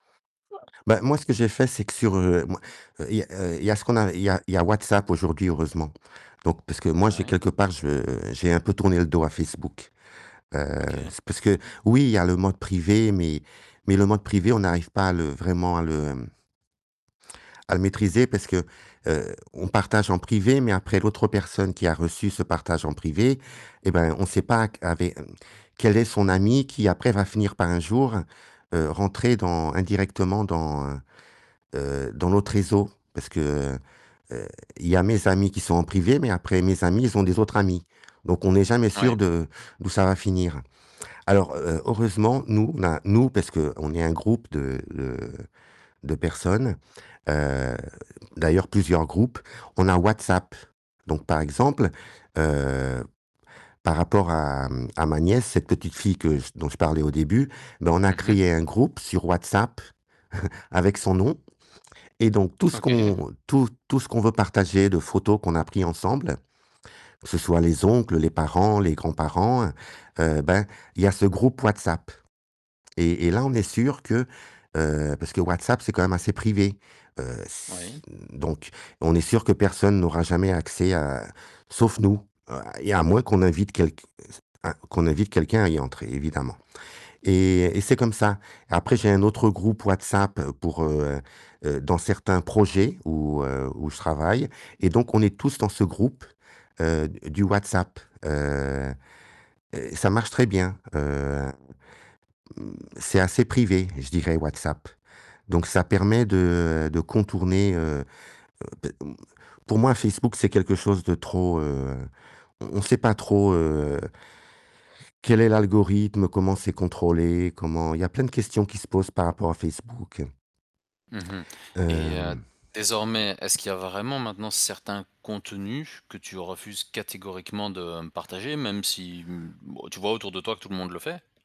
Bah moi, ce que j'ai fait, c'est que sur, heu, moi il y a, heu, il y a ce qu'on a il y a il y a WhatsApp aujourd'hui, heureusement, donc parce que, moi, Ah j'ai ouais. quelque part, je j'ai un peu tourné le dos à Facebook, heu, OK. c parce que oui, il y a le mode privé, mais mais le mode privé, on n'arrive pas à le vraiment à le à le maîtriser parce que, heu, on partage en privé, mais après l'autre personne qui a reçu ce partage en privé, eh ben, on sait pas q avé mmh, quel est son ami, qui après va finir par un jour, heu, rentrer dans indirectement dans, heu heu, dans l'autre réseau, parce que, heu, il y a mes amis qui sont en privé, mais après mes amis ils ont des autres amis, donc on n'est jamais Ouais. sûr de d'où ça va finir. Alors heu heureusement, nous, on a, nous, parce qu'on est un groupe de de de personnes, heu, d'ailleurs plusieurs groupes, on a WhatsApp donc, par exemple, heu, par rapport à, hem, à ma nièce, cette petite fille que dont je parlais au début, ben, on a Mmh mh. créé un groupe sur WhatsApp avec son nom et donc tout ce OK. qu'on, tout tout ce qu'on veut partager, de photos qu'on a pris ensemble, que ce soit les oncles, les parents, les grands-parents, heu, ben, il y a ce groupe WhatsApp et et là, on est sûrs que, heu, parce que WhatsApp c'est quand même assez privé, heu s Oui. donc, on est sûrs que personne n'aura jamais accès, heu, sauf nous, heu et à moins qu'on invite quelq un qu'on invite quelqu'un à y entrer, évidemment et et c'est comme ça. Après j'ai un autre groupe WhatsApp pour, heu heu, dans certains projets où heu, où je travaille, et donc on est tous dans ce groupe, heu, d du WhatsApp, heu heu, et ça marche très bien, hem, mmh, c'est assez privé, je dirais WhatsApp, donc ça permet de de contourner, heu heu, p mmh, pour moi Facebook, c'est quelque chose de trop, heu, on sait pas trop, heu quel est l'algorithme, comment c'est contrôlé, comment il y a plein de questions qui se posent par rapport à Facebook, heu Mmh mh et heu, hem désormais, est-ce qu'il y a vraiment maintenant certains contenus que tu refuses catégoriquement de partager, même si, mmh, bah, tu vois autour de toi que tout le monde le fait?